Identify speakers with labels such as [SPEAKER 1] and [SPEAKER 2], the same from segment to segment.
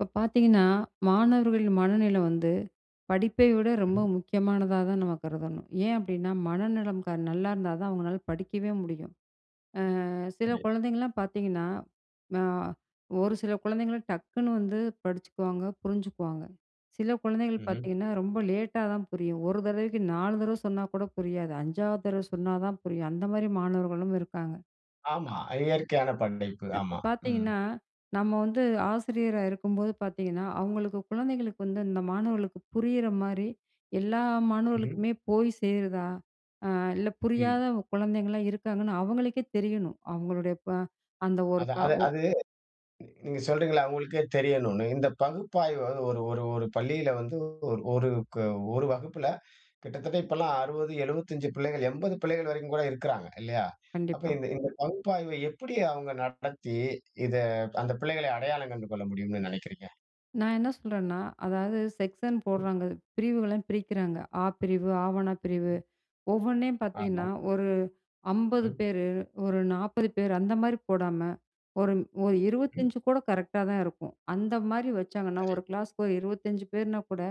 [SPEAKER 1] இப்ப பாத்தீங்கன்னா, மாணவர்களின் மனநிலை வந்து படிப்பை விட ரொம்ப முக்கியமானதா தான் நம்ம கருதணும். ஏன் அப்டின்னா, மனநலம் நல்லா இருந்தாதான் அவங்களால படிக்கவே முடியும். அ, சில
[SPEAKER 2] சரி.
[SPEAKER 1] குழந்தைங்கலாம் பார்த்தீங்கன்னா, அ ஒரு சில குழந்தைங்கள டக்குனு வந்து படிச்சுக்குவாங்க புரிஞ்சுக்குவாங்க. சில குழந்தைகள்
[SPEAKER 2] ம்ஹ்ம்.
[SPEAKER 1] பார்த்தீங்கன்னா, ரொம்ப லேட்டா தான் புரியும், ஒரு தரவைக்கு 4 தரவை சொன்னா கூட புரியாது 5வது தரவ சொன்னா தான் புரியும் அந்த மாரி மாணவர்களும் இருக்காங்க.
[SPEAKER 2] ஆமா. இயற்கையான படை ப்பு.
[SPEAKER 1] அப்ப
[SPEAKER 2] ஆமா. ம்.
[SPEAKER 1] பாத்தீங்கன்னா, நம்ம வந்து ஆசிரியரா இருக்கும் போது பாத்தீங்கன்னா, அவங்களுக்கு குழந்தைங்களுக்கு வந்து, அந்த மாணவர்களுக்கு புரியிற மாரி எல்லா
[SPEAKER 2] ம்ஹ்ம்.
[SPEAKER 1] மாணவர்களுக்குமே போய் சேருதா, அ இல்ல
[SPEAKER 2] ம்.
[SPEAKER 1] புரியாத குழந்தைங்கலாம் இருக்காங்கன்னு அவங்களுக்கே தெரியணும். அவங்களுடைய ப்ப அந்த ஒரு
[SPEAKER 2] அதான்,
[SPEAKER 1] க
[SPEAKER 2] அது
[SPEAKER 1] ஒ
[SPEAKER 2] அது நீங்க சொல்றீங்கல்ல அவங்களுக்கே தெரியணும்னு. இந்த பகுப்பாய்வு வந்து ஒரு ஒரு ஒரு பள்ளியில வந்து ஒரு ஒரு ஒரு வகுப்புல கிட்டத்தட்ட இப்பலாம் 60 75 பிள்ளைகள் 80 பிள்ளைகள் வரைக்கும் கூட இருக்கிறாங்க. இல்லையா ?அப்ப
[SPEAKER 1] கண்டிப்பா.
[SPEAKER 2] இந்த இந்த பகுப்பாய்வை எப்டி அவங்க நடத்தி, இத அந்த பிள்ளைகளை அடையாளம் கண்டு கொள்ள முடியும்னு நினைக்கிறீங்க?
[SPEAKER 1] நான் என்ன சொல்றேன்னா, அதாவது செக்ஷன் போடுறாங்க பிரிவுகளெல்லாம் பிரிக்கிறாங்க, அ பிரிவு ஆ வன்னா பிரிவு
[SPEAKER 2] [unintelligible]
[SPEAKER 1] ஒவ்வொன்னையும்
[SPEAKER 2] ஆமா.
[SPEAKER 1] பாத்தீங்கன்னா ஒரு 50
[SPEAKER 2] ம்.
[SPEAKER 1] பேரு, ஒரு 40 பேரு அந்த மாரி போடாம ஒரு, ஒரு
[SPEAKER 2] ம்.
[SPEAKER 1] 25 கூட கரெக்டா தான் இருக்கும். அந்த மாரி வச்சாங்கன்னா ஒரு
[SPEAKER 2] சரி.
[SPEAKER 1] கிளாஸ்க்கு ஒரு 25 பேர்னா கூட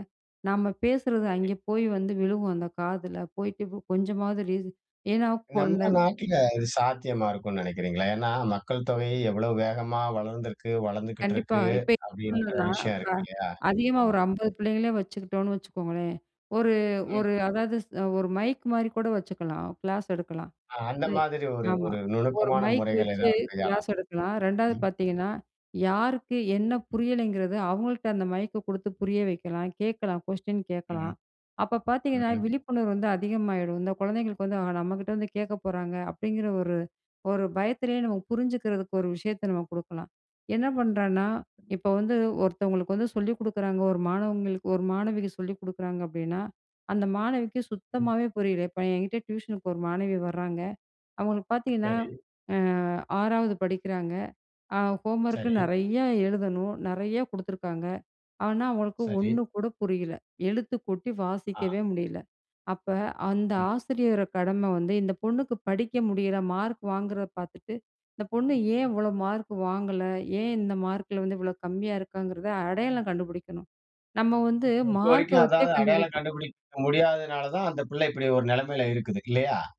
[SPEAKER 1] நம்ம பேசுறது
[SPEAKER 2] சரி.
[SPEAKER 1] அங்கே போய் வந்து விழுகும், அந்த காதுல போயிட்டு கொஞ்சமாவது ரீச் ஏன்னா கொண்ட
[SPEAKER 2] நம்ம நாட்டில இது சாத்தியமா இருக்கும்ன்னு நினைக்கிறீங்களா? ஏன்னா, மக்கள் தொகை எவ்வளவு வேகமா வளர்ந்துக்கு, வளர்ந்துகிட்டு
[SPEAKER 1] கண்டிப்பா,
[SPEAKER 2] இருக்கு
[SPEAKER 1] இப்ப என்ன
[SPEAKER 2] அப்டின்ற
[SPEAKER 1] பண்ணலாம்னா,
[SPEAKER 2] விஷயம்
[SPEAKER 1] ப
[SPEAKER 2] இருக்கு. இல்லையா?
[SPEAKER 1] அதிகமா
[SPEAKER 2] ஆமா.
[SPEAKER 1] ஒரு 50 பிள்ளைகள வச்சுக்கிட்டோம்னு வச்சுக்கோங்களேன். ஒரு,
[SPEAKER 2] ம்.
[SPEAKER 1] ஒரு அதாவது ஒரு மைக் மாரி கூட வச்சுக்கலாம் கிளாஸ் எடுக்கலாம்.
[SPEAKER 2] அ அந்த
[SPEAKER 1] அ
[SPEAKER 2] மாதிரி ஒரு,
[SPEAKER 1] ஆமா,
[SPEAKER 2] ஒரு
[SPEAKER 1] ஒரு
[SPEAKER 2] நுணுக்கமான
[SPEAKER 1] மைக்
[SPEAKER 2] முறைகள்
[SPEAKER 1] வச்சு
[SPEAKER 2] ஏதாவது கையாளலாம்.
[SPEAKER 1] கிளாஸ் எடுக்கலாம். 2வது
[SPEAKER 2] ம்.
[SPEAKER 1] பார்த்தீங்கன்னா யாருக்கு என்ன புரியலைங்கிறத அவங்கள்ட்ட அந்த மைக்க குடுத்து புரிய வைக்கலாம். கேக்கலாம் கொஸ்டின்
[SPEAKER 2] ம்ஹ்ம்.
[SPEAKER 1] கேக்கலாம். அப்ப பார்த்தீங்கன்னா,
[SPEAKER 2] ம்ஹ்ம்.
[SPEAKER 1] விழிப்புணர்வு வந்து அதிகமாயிரும். இந்த குழந்தைகளுக்கு வந்து, ஆ நம்ம கிட்ட வந்து கேக்க போறாங்க அப்டிங்கிற ஒரு, ஒரு பயத்துலே நம்ம புரிஞ்சுக்கிறதுக்கு ஒரு விஷயத்த நம்ம குடுக்கலாம். என்ன பண்றான்னா, இப்ப வந்து ஒருத்தவங்களுக்கு வந்து சொல்லிக் குடுக்கிறாங்க ஒரு மாணவங்களுக்கு, ஒரு மாணவிக்கு சொல்லிக் குடுக்கிறாங்க அப்டின்னா, அந்த மாணவிக்கு சுத்தமாவே புரியல. இப்ப என்கிட்ட டியூஷனுக்கு ஒரு மாணவி வராங்க. அவங்களுக்கு பார்த்தீங்கன்னா,
[SPEAKER 2] சரி.
[SPEAKER 1] அ, 6வது படிக்கிறாங்க. அ ஹோம்வொர்க்
[SPEAKER 2] சரி.
[SPEAKER 1] நெறையா எழுதணும், நெறையா குடுத்துருக்காங்க. ஆனா, அவங்களுக்கு
[SPEAKER 2] சரி.
[SPEAKER 1] ஒண்ணு கூட புரியல. எழுத்துக் கூட்டி
[SPEAKER 2] ஆ.
[SPEAKER 1] வாசிக்கவே முடியல. அப்ப அந்த
[SPEAKER 2] ம்.
[SPEAKER 1] ஆசிரியரோட கடமை வந்து இந்த பொண்ணுக்கு படிக்க முடியல, மார்க் வாங்குறத பார்த்துட்டு இந்த பொண்ணு ஏன் இவ்வளவு மார்க் வாங்கல, ஏன் இந்த மார்க்ல வந்து இவ்வளவு கம்மியா இருக்காங்கறத அடையாளம் கண்டுபிடிக்கணும். நம்ம வந்து
[SPEAKER 2] ஓ! இப்போ வரைக்கும்,
[SPEAKER 1] மார்க்க வச்சே
[SPEAKER 2] அதாவது அடையாளம்
[SPEAKER 1] கண்டுபிடிக்கணும்
[SPEAKER 2] கண்டுபிடிக்க முடியாததுனால தான், அந்த பிள்ளை இப்படி ஒரு நெலமையில் இருக்குது. இல்லையா?